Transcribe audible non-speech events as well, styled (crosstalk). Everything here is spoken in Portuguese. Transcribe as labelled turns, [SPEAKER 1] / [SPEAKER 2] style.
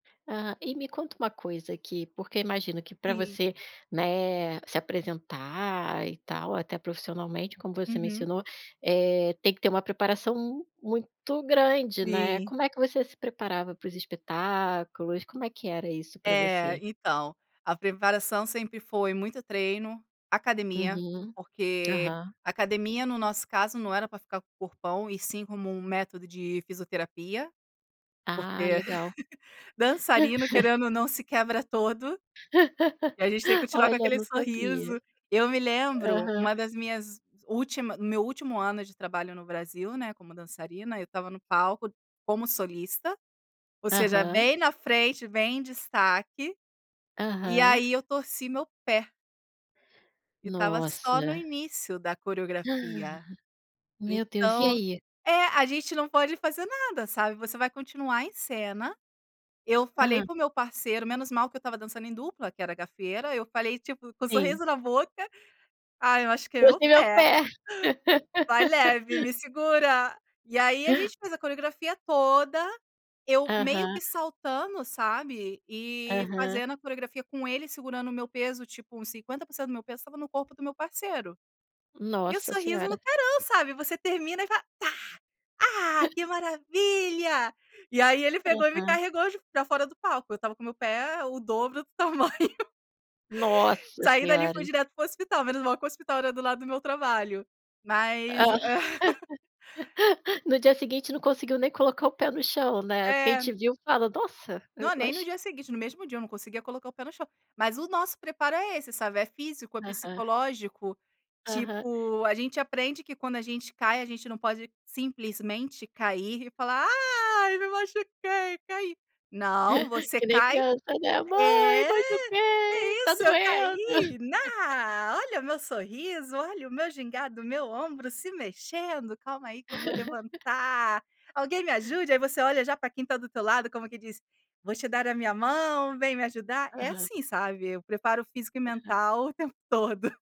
[SPEAKER 1] Ah, e me conta uma coisa aqui, porque eu imagino que, para
[SPEAKER 2] Sim.
[SPEAKER 1] você, né, se apresentar e tal, até profissionalmente, como você
[SPEAKER 2] Uhum.
[SPEAKER 1] mencionou, eh, tem que ter uma preparação m muito grande, né.
[SPEAKER 2] Sim.
[SPEAKER 1] Como é que você se preparava para os espetáculos? Como é que era isso para
[SPEAKER 2] É,
[SPEAKER 1] você?
[SPEAKER 2] então, a preparação sempre foi muito treino, academia,
[SPEAKER 1] Uhum.
[SPEAKER 2] porque
[SPEAKER 1] Aham.
[SPEAKER 2] academia, no nosso caso, não era para ficar com corpão, e sim como um método de fisioterapia.
[SPEAKER 1] Ah,
[SPEAKER 2] Porque
[SPEAKER 1] legal.
[SPEAKER 2] (chuckles) dançarino,
[SPEAKER 1] (chuckles)
[SPEAKER 2] querendo ou não, se quebra todo. E a gente tem que
[SPEAKER 1] (laughs)
[SPEAKER 2] continuar com
[SPEAKER 1] Olha,
[SPEAKER 2] aquele
[SPEAKER 1] não sabia.
[SPEAKER 2] sorriso. Eu me lembro
[SPEAKER 1] Aham.
[SPEAKER 2] uma das minhas última meu último ano de trabalho no Brasil, né, como dançarina, eu estava no palco como solista, ou seja,
[SPEAKER 1] Aham.
[SPEAKER 2] bem na frente, bem em destaque, e
[SPEAKER 1] Aham.
[SPEAKER 2] aí eu torci meu pé. E estava só no
[SPEAKER 1] Nossa.
[SPEAKER 2] início da coreografia.
[SPEAKER 1] (gasps) Meu Deus, e
[SPEAKER 2] Então
[SPEAKER 1] aí?
[SPEAKER 2] é, a gente não pode fazer nada, sabe. Você vai continuar em cena. Eu falei
[SPEAKER 1] Aham.
[SPEAKER 2] para o meu parceiro menos mal que eu estava dançando em dupla, que era Gafieira. Eu falei, tipo, com
[SPEAKER 1] Sim.
[SPEAKER 2] sorriso na boca: "Ai, eu machuquei meu
[SPEAKER 1] "Torci
[SPEAKER 2] pé,
[SPEAKER 1] meu
[SPEAKER 2] (chuckles)
[SPEAKER 1] pé."
[SPEAKER 2] vai leve,
[SPEAKER 1] (laughs)
[SPEAKER 2] me segura". E aí a gente faz a coreografia toda, eu meio
[SPEAKER 1] Aham.
[SPEAKER 2] que saltando, sabe, e
[SPEAKER 1] Aham.
[SPEAKER 2] fazendo a coreografia com ele segurando o meu peso, tipo uns 50% do meu peso estava no corpo do meu parceiro, e o
[SPEAKER 1] Nossa
[SPEAKER 2] sorriso no
[SPEAKER 1] Senhora!
[SPEAKER 2] carão, sabe. Você termina e fala: "Tá! Ah! Que maravilha!". E aí ele pegou e me
[SPEAKER 1] Aham.
[SPEAKER 2] carregou j pra fora do palco. Eu estava com meu pé o dobro do tamanho.
[SPEAKER 1] Nossa
[SPEAKER 2] Saí dali e
[SPEAKER 1] Senhora!
[SPEAKER 2] fui direto para o hospital, menos mal que o hospital era do lado do meu trabalho, mas (laughs)
[SPEAKER 1] (laughs) No dia seguinte não conseguiu nem colocar o pé no chão né, porque a gente
[SPEAKER 2] É.
[SPEAKER 1] viu fala: "Nossa!".
[SPEAKER 2] Não,
[SPEAKER 1] Eu
[SPEAKER 2] nem no
[SPEAKER 1] acho.
[SPEAKER 2] dia seguinte, no mesmo dia eu não conseguia colocar o pé no chão. Mas o nosso preparo é esse, sabe, é físico, é
[SPEAKER 1] Aham.
[SPEAKER 2] psicológico.
[SPEAKER 1] Aham.
[SPEAKER 2] Tipo, a gente aprende que quando a gente cai, a gente não pode simplesmente cair e falar: "Ai! Me machuquei! Caí!" Não,
[SPEAKER 1] (chuckles)
[SPEAKER 2] você
[SPEAKER 1] Que nem
[SPEAKER 2] cai
[SPEAKER 1] criança, né: "Mãe!
[SPEAKER 2] é. "Que
[SPEAKER 1] Machuquei! Tá
[SPEAKER 2] isso, eu
[SPEAKER 1] doendo!"
[SPEAKER 2] caí!
[SPEAKER 1] (chuckles)
[SPEAKER 2] Ná, olha meu sorriso, olha o meu gingado, meu ombro se mexendo, calma aí que vou
[SPEAKER 1] (laughs)
[SPEAKER 2] levantar, alguém me ajude?" Aí você olha já para quem está do teu lado como que diz: "Vou te dar a minha mão, vem me ajudar", é
[SPEAKER 1] Aham.
[SPEAKER 2] assim, sabe. O preparo físico e
[SPEAKER 1] Aham.
[SPEAKER 2] mental o tempo todo.